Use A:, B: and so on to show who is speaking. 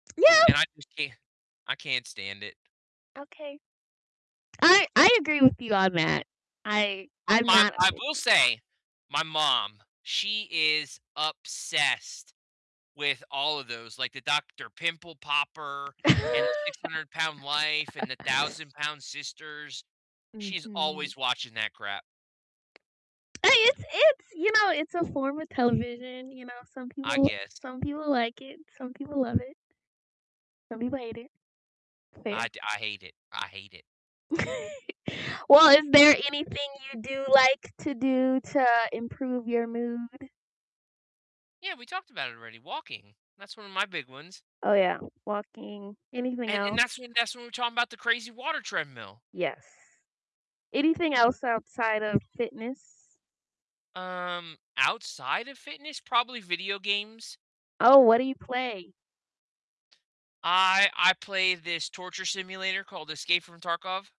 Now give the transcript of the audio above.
A: Yeah.
B: And I just can't I can't stand it.
A: Okay. I I agree with you on that, I
B: M
A: I'm
B: my
A: not a
B: I
A: big
B: will
A: fan.
B: say my mom, she is obsessed with all of those, like the Dr. Pimple Popper, and the 600-lb Life, and the 1,000-lb Sisters, she's
A: Mhm.
B: always watching that crap.
A: Hey, it's it's you know, it's a form of television, you know, some
B: I
A: people
B: guess.
A: some people like it, some people love it some people hate it.
B: I
A: Fair.
B: d I hate it, I hate it.
A: Well, is there anything you do like to do to improve your mood?
B: Yeah, we talked about it already, walking, that's one of my big ones.
A: Oh, yeah walking. Anything
B: And and
A: else?
B: that's when that's when we were talking about the crazy water treadmill.
A: Yes. Anything else outside of fitness?
B: Um, outside of fitness, probably video games.
A: Oh, what do you play?
B: I I play this torture simulator called Escape from Tarkov.